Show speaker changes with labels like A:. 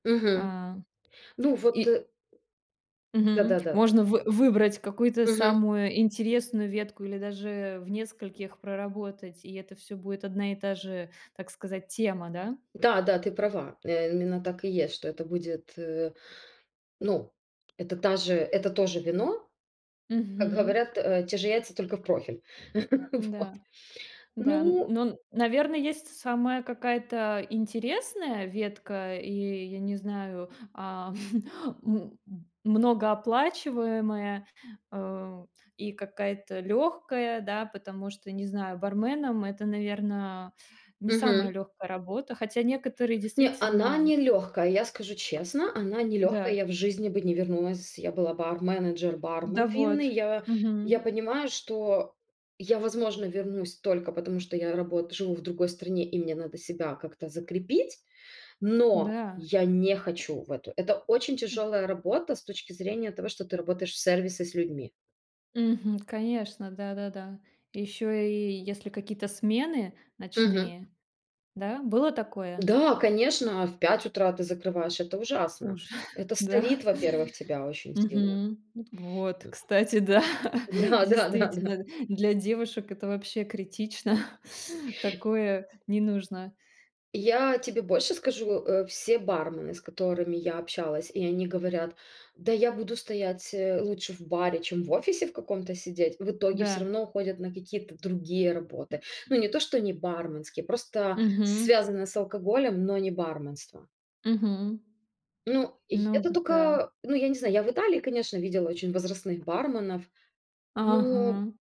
A: Мгм.
B: А
A: Ну вот,
B: и
A: э. Да
B: Мгм.
A: да да да.
B: Можно вы выбрать какую-то
A: Мгм.
B: самую интересную ветку или даже в нескольких проработать, и это всё будет одна и та же, так сказать, тема, да?
A: Да, да, ты права, э, именно так и есть, что это будет, э. Ну, это та же, это тоже вино. Как
B: Мгм.
A: говорят, э: те же яйца, только в профиль. Вот.
B: М-да, да, н
A: Ну
B: ну, н наверно, есть с самая какая-то интересная ветка, и я не знаю, а, м, многооплачиваемая, а, и какая-то лёгкая, да, потому что, не знаю, барменом это, наверно, не самая
A: Мгм.
B: лёгкая работа. Хотя некоторые
A: Не, она
B: действительно, м.
A: не лёгкая, я скажу честно, она не лёгкая,
B: Да.
A: я в жизни бы не вернулась. Я была бар-менеджер,
B: Да
A: бармен
B: вот,
A: винный. Я
B: мгм.
A: я понимаю, что я возможно вернусь только потому, что я работ живу в другой стране и мне надо себя как-то закрепить, но
B: М-да.
A: я не хочу в эту. Это очень
B: М.
A: тяжелая работа с точки зрения того, что ты работаешь в сервисе с людьми.
B: Мгм. Конечно, да-да-да. Ещё и если какие-то смены
A: Мгм.
B: ночные. Да, было такое?
A: Да, конечно, а в 5 утра ты закрываешь, это ужасно.
B: Уже,
A: Это
B: да.
A: старит, во-первых, тебя очень сильно.
B: Мгм. Вот. Вот, кстати, да,
A: Да, да, да, да.
B: действительно, для девушек это вообще критично, такое не нужно.
A: Я тебе больше скажу, э, все бармены, с которыми я общалась, и они говорят: "Да я буду стоять, э, лучше в баре, чем в офисе в каком-то сидеть". В итоге всё
B: Да.
A: равно уходят на какие-то другие работы. Ну не то, что не барменские, просто
B: Мгм.
A: связанные с алкоголем, но не барменство.
B: Мгм.
A: Ну й
B: Ну,
A: это
B: зэ да.
A: тока, ну, я не знаю. Я в Италии, конечно, видела очень возрастных барменов, но
B: Ага.